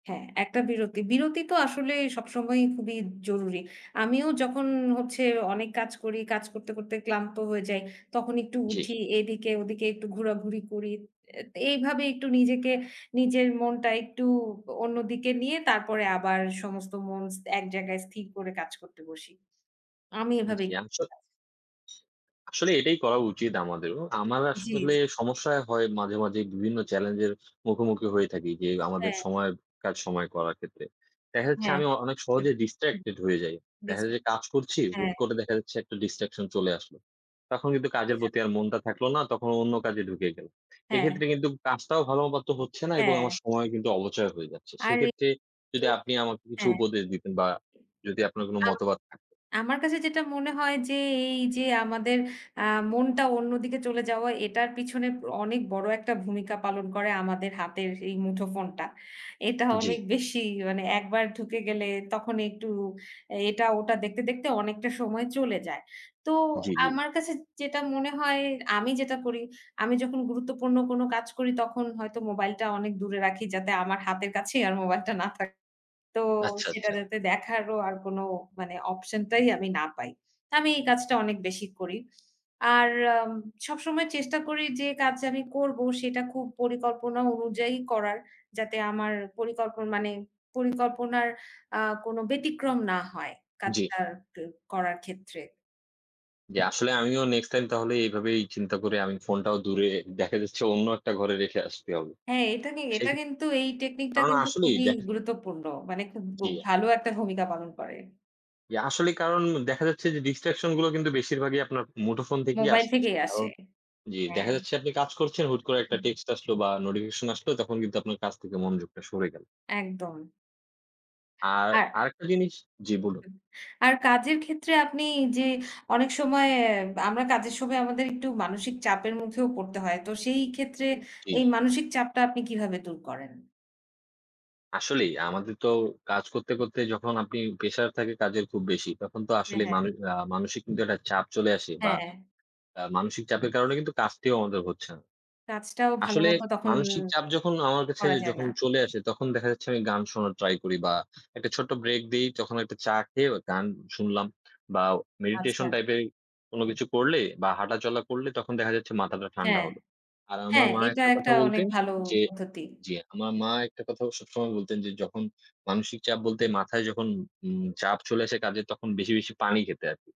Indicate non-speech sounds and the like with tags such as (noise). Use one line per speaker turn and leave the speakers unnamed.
হ্যাঁ, একটা বিরতি। বিরতি তো আসলে সবসময়ই খুবই জরুরি। আমিও যখন হচ্ছে অনেক কাজ করি, কাজ করতে, করতে ক্লান্ত হয়ে যাই। তখন একটু
জি।
উঠি, এদিকে ওদিকে একটু ঘোরাঘুরি করি। এ্যা এইভাবে একটু নিজেকে, নিজের মনটা একটু অন্য দিকে নিয়ে, তারপরে আবার সমস্ত মনস এক জায়গায় স্থির করে কাজ করতে বসি। আমি
জি,
এভাবেই
আমি স
কাজ
আসলে এটাই করা উচিত আমাদেরও। আমার
জি,
আসলে
জি।
সমস্যা হয় মাঝে, মাঝে, বিভিন্ন চ্যালেঞ্জের মুখোমুখি হয়ে থাকি যে, আমাদের
হ্যাঁ।
সময়ের কাজ, সময়ে করার ক্ষেত্রে। দেখা যাচ্ছে,
হ্যাঁ।
আমি অ অনেক
হুম,
সহজে
হুম,
distracted হয়ে যাই। দেখা যায়
ডিসট্রা
যে, কাজ করছি,
হ্যাঁ।
হুটকরে দেখা যাচ্ছে একটা distraction চলে আসলো। তখন কিন্তু কাজের
আচ্ছা।
প্রতি আর মনটা থাকলো না, তখন অন্য কাজে ঢুকে গেল।
হ্যাঁ।
এক্ষেত্রে কিন্তু কাজটাও ভালোমতো তো হচ্ছে না এবং
হ্যাঁ।
আমার সময় কিন্তু অপচয় হয়ে যাচ্ছে।
আর এ
সেক্ষেত্রে যদি
(unintelligible)
আপনি আমাকে কিছু
হ্যাঁ।
উপদেশ দিতেন বা যদি আপনার কোন
(unintelligible)
মতামত থাকে।
আমার কাছে যেটা মনে হয় যে, এই যে আমাদের আ মনটা অন্যদিকে চলে যাওয়া, এটার পিছনে অনেক বড় একটা ভূমিকা পালন করে আমাদের হাতের এই মুঠোফোনটা। এটা
জি।
অনেক বেশি মানে একবার ঢুকে গেলে, তখন একটু এটা-ওটা দেখতে, দেখতে, অনেকটা সময় চলে যায়। তো
জি্‌, জি।
আমার কাছে যেটা মনে হয়, আমি যেটা করি, আমি যখন গুরুত্বপূর্ণ কোন কাজ করি, তখন হয়তো মোবাইলটা অনেক দূরে রাখি, যাতে আমার হাতের কাছেই আর মোবাইলটা না থাকে। তো
আচ্ছা,
সেটা
আচ্ছা।
যাতে দেখারও কোন মানে অপশনটাই আমি না পাই। তো আমি এই কাজটা অনেক বেশি করি। আর আম সবসময় চেষ্টা করি যে কাজ আমি করব, সেটা খুব পরিকল্পনা অনুযায়ী করার, যাতে আমার পরিকল্পন মানে পরিকল্পনার আ কোনো ব্যতিক্রম না হয়
জি।
কাজটার আ করার ক্ষেত্রে।
জি, আসলে আমিও নেক্সট টাইম তাহলে, এইভাবে চিন্তা করে আমি ফোনটাও দূরে, দেখা যাচ্ছে অন্য একটা ঘরে রেখে আসতে হবে।
হ্যাঁ, এটা কি
সেই
এটা কিন্তু, এই
তার
টেকনিকটা
মানে
কিন্তু
আসলেই
খুবই
দেখা
গুরুত্বপূর্ণ, মানে খুব ব
জি।
ভালো একটা ভূমিকা পালন করে।
জি, আসলেই কারণ দেখা যাচ্ছে যে, distraction গুলো কিন্তু বেশিরভাগই আপনার মুঠোফোন থেকেই
মোবাইল
আসছে।
থেকেই
কারণ
আসে।
জি,
হ্যাঁ।
দেখা যাচ্ছে, আপনি কাজ করছেন, হুট করে একটা
হুম।
টেক্সট আসলো বা নোটিফিকেশন আসলো, তখন কিন্তু আপনার কাজ থেকে মনোযোগটা সরে গেল।
একদম।
আর
আর
আরেকটা জিনিস জি বলুন।
হুম। আর কাজের ক্ষেত্রে আপনি যে অনেক সময় আমরা কাজের সময় আমাদের একটু মানসিক চাপের মুখেও পড়তে হয়। তো সেই ক্ষেত্রে
জি।
এই মানসিক চাপটা আপনি কিভাবে দূর করেন?
আসলেই আমাদের তো, কাজ করতে, করতে, যখন আপনি প্রেশার থাকে কাজের খুব বেশি। তখন তো
হ্যাঁ,
আসলেই
হ্যাঁ।
মানু আ মানসিক কিন্তু একটা চাপ চলে আসে বা
হ্যাঁ।
আ মানসিক চাপের কারণে কিন্তু কাজটিও আমাদের হচ্ছে না।
কাজটাও ভালো
আসলে
মতো তখন
মানসিক চাপ যখন আমার কাছে
করা যায়
যখন
না।
চলে আসে, তখন দেখা যাচ্ছে আমি গান শোনার ট্রাই করি বা একটা ছোট্ট ব্রেক দেই। তখন একটা চা খেয়ে গান শুনলাম বা
আচ্ছা।
মেডিটেশন টাইপের কোন কিছু করলে বা হাঁটা-চলা করলে, তখন দেখা যাচ্ছে মাথাটা ঠান্ডা
হ্যাঁ।
হলো। আর আমার
হ্যাঁ,
মা
এটা
একটা কথা
একটা অনেক
বলতেন
ভালো
যে
পদ্ধতি।
জি, আমার মা একটা কথা সবসময় বলতেন যে, "যখন মানসিক চাপ বলতে মাথায় যখন উম চাপ চলে আসে কাজের, তখন বেশি, বেশি, পানি খেতে" আরকি।